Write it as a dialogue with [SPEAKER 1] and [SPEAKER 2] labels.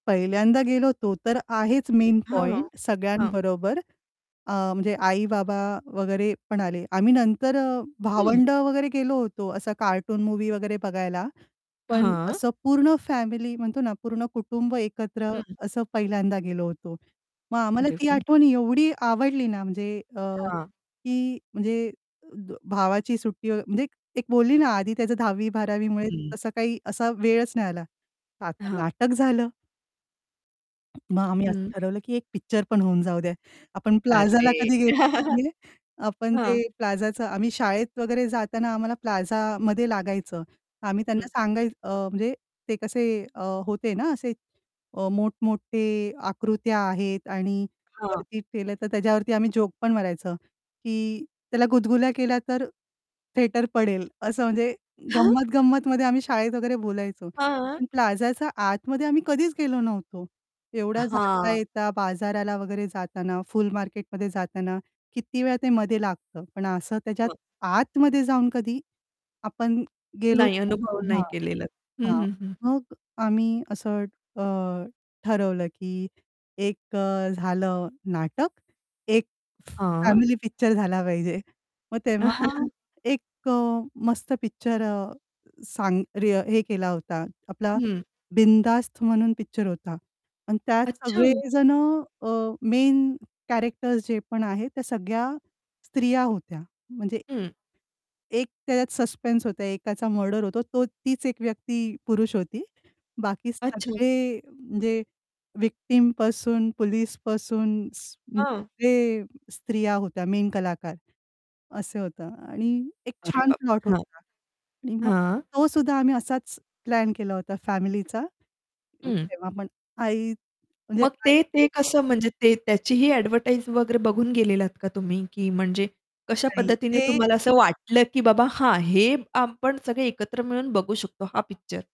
[SPEAKER 1] पहिल्यांदा गेलो होतो, तर आहेच मेन
[SPEAKER 2] हां, हां,
[SPEAKER 1] पॉइंट
[SPEAKER 2] हां.
[SPEAKER 1] सगळ्यांबरोबर, अ, म्हणजे आई-बाबा वगैरे पण आले. आम्ही नंतर
[SPEAKER 2] हं.
[SPEAKER 1] भावंड वगैरे गेलो होतो, असा कार्टून मूव्ही वगैरे बघायला. पण
[SPEAKER 2] हां.
[SPEAKER 1] असं पूर्ण फॅमिली म्हणतो ना, पूर्ण कुटुंब एकत्र
[SPEAKER 2] हं.
[SPEAKER 1] असं पहिल्यांदा गेलो होतो. मग आम्हाला
[SPEAKER 2] अरे
[SPEAKER 1] ती
[SPEAKER 2] वा!
[SPEAKER 1] आठवण एवढी आवडली ना, म्हणजे अ,
[SPEAKER 2] हां.
[SPEAKER 1] की म्हणजे भावाची सुट्टी म्हणजे एक बोलली ना आधी त्याचं 10वी-12वी मुळे
[SPEAKER 2] हं.
[SPEAKER 1] तसा काही असा वेळच नाही आला. तर आता
[SPEAKER 2] हां.
[SPEAKER 1] नाटक झालं. मग आम्ही असं
[SPEAKER 2] हं.
[SPEAKER 1] ठरवलं, की एक पिक्चर पण होऊन जाऊद्या. आपण प्लाझाला
[SPEAKER 2] अरे!
[SPEAKER 1] कधी गेलो [unintelligible] आपण ते
[SPEAKER 2] हां.
[SPEAKER 1] प्लाझाचं आम्ही शाळेत वगैरे जाताना आम्हाला प्लाझामध्ये लागायचं. आम्ही त्यांना
[SPEAKER 2] हं.
[SPEAKER 1] सांगाय अ, म्हणजे ते कसे अ, होते ना असे अ, मोठमोठे आकृत्या आहेत आणि
[SPEAKER 2] हां.
[SPEAKER 1] वरती केलं, तर त्याज्यावरती आम्ही जोक पण मारायचं, की त्याला गुदगुल्या केल्या, तर थिएटर पडेल, असं म्हणजे
[SPEAKER 2] हं.
[SPEAKER 1] गंमत-गंमतमध्ये आम्ही शाळेत वगैरे बोलायचो.
[SPEAKER 2] हां.
[SPEAKER 1] पण प्लाझाच्या आतमध्ये आम्ही कधीच गेलो नव्हतो.
[SPEAKER 2] अ,
[SPEAKER 1] एवढा
[SPEAKER 2] हां.
[SPEAKER 1] जाता-येता बाजाराला वगैरे जाताना, फुल मार्केटमध्ये जाताना किती वेळा ते मध्ये लागतं. पण असं त्याच्यात
[SPEAKER 2] हो.
[SPEAKER 1] आतमध्ये जाऊन कधी आपण गेलोच
[SPEAKER 2] नाही. अनुभव
[SPEAKER 1] नव्हतो. हां,
[SPEAKER 2] नाही केलेला. हं,
[SPEAKER 1] हां.
[SPEAKER 2] हं, हं.
[SPEAKER 1] मग आम्ही असं अ, ठरवलं, की एक अ, झालं नाटक, एक
[SPEAKER 2] हां.
[SPEAKER 1] फॅमिली पिक्चर झाला पाहिजे. मग तेव्हा एक अ, मस्त पिक्चर अ, सांग रे हे केला होता. आपला
[SPEAKER 2] हं.
[SPEAKER 1] बिनधास्त म्हणून पिक्चर होता आणि त्यात
[SPEAKER 2] अच्छा.
[SPEAKER 1] सगळे जण अ, मेन कॅरेक्टर्स जे पण आहेत, त्या सगळ्या स्त्रिया होत्या. म्हणजे
[SPEAKER 2] हं.
[SPEAKER 1] एक त्याच्यात सस्पेन्स होता, एकाचा मर्डर होतो. तो तीच एक व्यक्ती पुरुष होती. बाकी
[SPEAKER 2] अच्छा.
[SPEAKER 1] सगळे म्हणजे व्हिक्टिम पासून पोलिस पासून स्
[SPEAKER 2] हं.
[SPEAKER 1] ते स्त्रिया होत्या मेन कलाकार, असे होतं आणि एक
[SPEAKER 2] अरे
[SPEAKER 1] छान
[SPEAKER 2] बाप
[SPEAKER 1] प्लॉट
[SPEAKER 2] रे! हां.
[SPEAKER 1] होता. आणि मग
[SPEAKER 2] हां.
[SPEAKER 1] तो सुद्धा आम्ही असाच प्लॅन केला होता फॅमिलीचा, अं,
[SPEAKER 2] हं.
[SPEAKER 1] तेव्हापण आई म्हणजे
[SPEAKER 2] मग
[SPEAKER 1] नाहीच
[SPEAKER 2] ते
[SPEAKER 1] ते
[SPEAKER 2] ते कसं म्हणजे ते त्याचीही एडव्हर्टाइज वगैरे बघून गेलेलात का तुम्ही? की म्हणजे कशा
[SPEAKER 1] नाही
[SPEAKER 2] पद्धतीने
[SPEAKER 1] ते
[SPEAKER 2] तुम्हाला असं वाटलं, की बाबा हां, हे आपण सगळे एकत्र मिळून बघू शकतो हा पिक्चर?